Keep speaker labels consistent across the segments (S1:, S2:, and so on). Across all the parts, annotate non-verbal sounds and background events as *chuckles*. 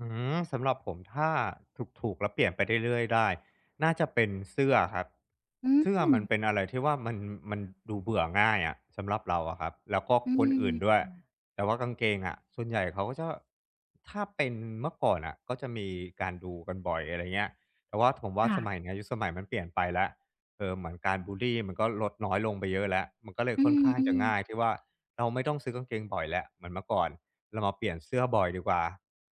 S1: อื้อฮือ สำหรับผมถ้าถูก ๆ แล้วเปลี่ยนไปเรื่อย เรื่อยได้ น่าจะเป็นเสื้อครับ
S2: อื
S1: เสื้อมัน
S2: ม
S1: เป็นอะไรที่ว่ามัน มันดูเบื่อง่ายอะสำหรับเราอะครับ แล้วก็
S2: อื
S1: ค
S2: ม
S1: นอื่นด้ว
S2: อ
S1: ย
S2: ือ
S1: แต่ว่ากางเกงอะส่วนใหญ่เขาก็จะ ถ้าเป็นเมื่อก่อนน่ะ ก็จะมีการดูกันบ่อย อะไรเงี้ย แต่ว่าถมว
S2: ค
S1: ่า
S2: ่
S1: ส
S2: ะ
S1: มัยเนี้ย ยุคสมัยมันเปลี่ยนไปแล้ว เอ่อ เหมือนการบุลลีมันก็ลดน้อยลงไปเยอะแล้ว มันก็เลย
S2: อื
S1: ค่อนข้างจะ
S2: อ
S1: ง่
S2: ๆ
S1: ายที่ว่า เราไม่ต้องซื้อกางเกงบ่อยแล้ว เหมือนเมื่อก่อนเรามาเปลี่ยนเสื้อบ่อยดีกว่า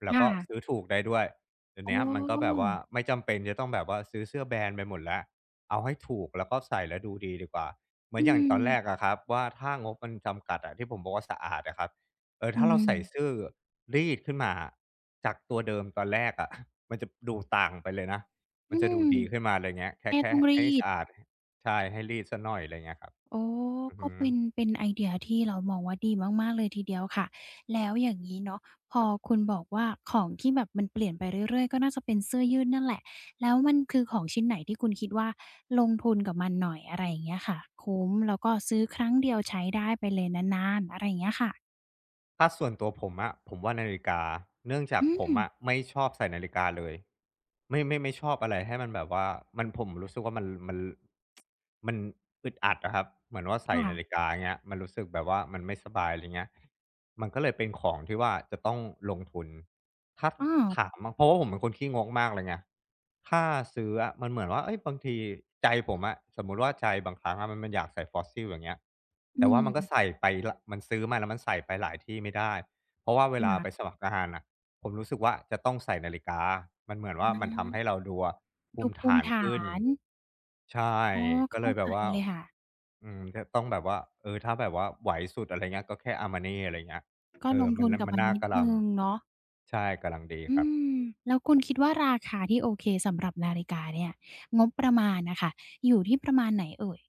S1: แล้
S2: ค
S1: ว
S2: ่
S1: ก็
S2: ะ
S1: ซื้อถูกได้ด้วย เดี๋ยว
S2: อ
S1: เนี้ยมันก็แบบว่า
S2: ๋อ
S1: ไม่จำเป็นจะต้องแบบว่าซื้อเสื้อแบรนด์ไปหมดแล้ว เอาให้ถูก แล้วก็ใส่แล้วดูดีดีกว่า เหม
S2: อ
S1: ือ
S2: ื
S1: นอย่างตอนแร
S2: ม
S1: กอะครับว่า ถ้างบมันจำกัดอะที่ผมบอกว่า "สะอาดอะครับ" เอ่อ
S2: อื
S1: ถ้าเราใส่
S2: ม
S1: ซื่อรีดขึ้นมาจากตัวเดิมตอนแรกอะ *chuckles* มันจะดูต่างไปเลยนะ
S2: อ
S1: มั
S2: ื
S1: นจะด
S2: ม
S1: ูดีขึ้นมาเลย เงี้ย แค
S2: แ
S1: ่
S2: ค่
S1: แค่
S2: ต้องร
S1: ใ
S2: ี
S1: ห้ส
S2: ด
S1: ะอาด ห ใช่ ให้รีดสักหน่อย อะไรเงี้ยครับ
S2: อ๋อ
S1: อือฮ
S2: ก็เป็น
S1: ึ
S2: เป็นไอเดียที่เรามองว่าดีมาก ๆ เลยทีเดียวค่ะ แล้วอย่างงี้เนาะ พอคุณบอกว่าของที่แบบมันเปลี่ยนไปเรื่อย ๆ ก็น่าจะเป็นเสื้อยืดนั่นแหละ แล้วมันคือของชิ้นไหน? ที่คุณคิดว่าลงทุนกับมันหน่อย อะไรอย่างเงี้ยค่ะ คุ้ม แล้วก็ซื้อครั้งเดียวใช้ได้ไปเลยนาน ๆ อะไรอย่างเงี้ยค่ะ
S1: ถ้าส่วนตัวผมอะผมว่านาฬิกา เนื่องจา
S2: อ
S1: ก
S2: ื
S1: ผมอ
S2: ม
S1: ะไม่ชอบใส่นาฬิกาเลย ไม่ ไม่ชอบอะไรให้มันแบบว่ามัน ผมรู้สึกว่า มัน มัน ร *tsk* มันอึดอัดอะครับ เหมือนว่าใส
S2: ค
S1: ่
S2: ่
S1: นา
S2: ะ
S1: ฬิกา เงี้ย มันรู้สึกแบบว่ามันไม่สบาย อะไรเงี้ย มันก็เลยเป็นของที่ว่าจะต้องลงทุน ถ้า
S2: อา
S1: ถามอะ เพราะว่าผมเป็นคนขี้งกมากเลยไง ถ้าซื้ออะมันเหมือนว่า เอ๊ย บางทีใจผมอะสมมุติว่าใจบางครั้งอะมัน มันอยากใส่ Fossil อย่างเงี้ย
S2: อ
S1: แ
S2: ื
S1: ต่ว่ามันก็
S2: ม
S1: ใส่ไปแล้ว มันซื้อมาแล้วมันใส่ไปหลายที่ไม่ได้ เพราะว่าเวลาไป
S2: *unintelligible*
S1: สมัครงานน่ะ ผมรู้สึกว่า จะต้องใส่นาฬิกา มันเหมือน
S2: อ
S1: ว
S2: ื
S1: ่ามันท
S2: ม
S1: ำให้เราดูอะภ
S2: ด
S1: ู
S2: ู
S1: มิ
S2: ภ
S1: ฐ
S2: ูม
S1: า
S2: ิ
S1: น
S2: ฐา
S1: ขึ้น
S2: น
S1: ใช่
S2: อ๋อ เ
S1: ก็
S2: ข้
S1: เล
S2: า
S1: ยแบ
S2: ใจ
S1: บว่า
S2: เลยค่ะ
S1: อืม ก็ต้องแบบว่า เอ่อ ถ้าแบบว่าไหวสุด อะไรเงี้ย ก็แค่ Armani อะไรเงี้ย
S2: ก็
S1: เอ่
S2: ล
S1: อ
S2: งท
S1: มั
S2: ุ
S1: น
S2: น
S1: น
S2: กับ
S1: มั
S2: ม
S1: น
S2: ัน
S1: น่า
S2: นิด
S1: กะล
S2: หนึ
S1: ั
S2: ่
S1: ง
S2: งเนาะ
S1: ใช่ กำลัง ดี
S2: อื
S1: ครับ
S2: ม แล้วคุณคิดว่าราคาที่โอเคสำหรับนาฬิกาเนี่ย งบประมาณน่ะค่ะ อยู่ที่ประมาณไหนเอ่ย?